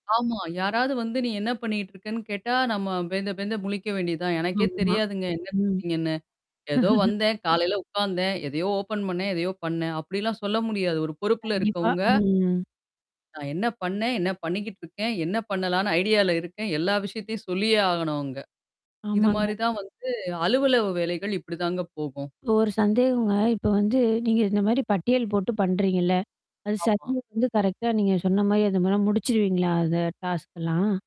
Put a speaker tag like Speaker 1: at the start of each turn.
Speaker 1: ஆமா! யாராவது வந்து, நீ என்ன பண்ணிட்டு இருக்கன்னு கேட்டா, நம்ம பேந்த பேந்த முழிக்க வேண்டியதான். எனக்கே
Speaker 2: ஆமா,
Speaker 1: தெரியாதுங்க, என்ன
Speaker 2: ம்.
Speaker 1: குடுத்தீங்கன்னு ஏதோ வந்தேன். காலையில உட்காந்தேன், எதையோ ஓப்பன் பண்ணேன்! எதையோ பண்ணேன்! அப்டிலாம் சொல்ல முடியாது, ஒரு பொறுப்புல
Speaker 2: கண்டிப்பா,
Speaker 1: இருக்கவங்க
Speaker 2: ம்.
Speaker 1: நான் என்ன பண்ணேன்? என்ன பண்ணிக்கிட்டுருக்கேன், என்ன பண்ணலான்னு ஐடியால இருக்கேன். எல்லா விஷயத்தையும் சொல்லியே ஆகணும் அவுங்க. இது
Speaker 2: ஆமாங்க.
Speaker 1: மாரி தான் வந்து, அலுவலக வேலைகள் இப்படிதாங்க போகும்.
Speaker 2: இப்ப ஒரு சந்தேகங்க! இப்ப வந்து, நீங்க இந்த மாதிரி பட்டியல் போட்டு பண்றீங்கல்ல? அது
Speaker 1: ஆமா.
Speaker 2: சரியா வந்து, கரெக்ட்டா நீங்க சொன்ன மாதிரி அது மாறிலாம் முடிச்சுருவீங்களா? அத டாஸ்க்லாம்.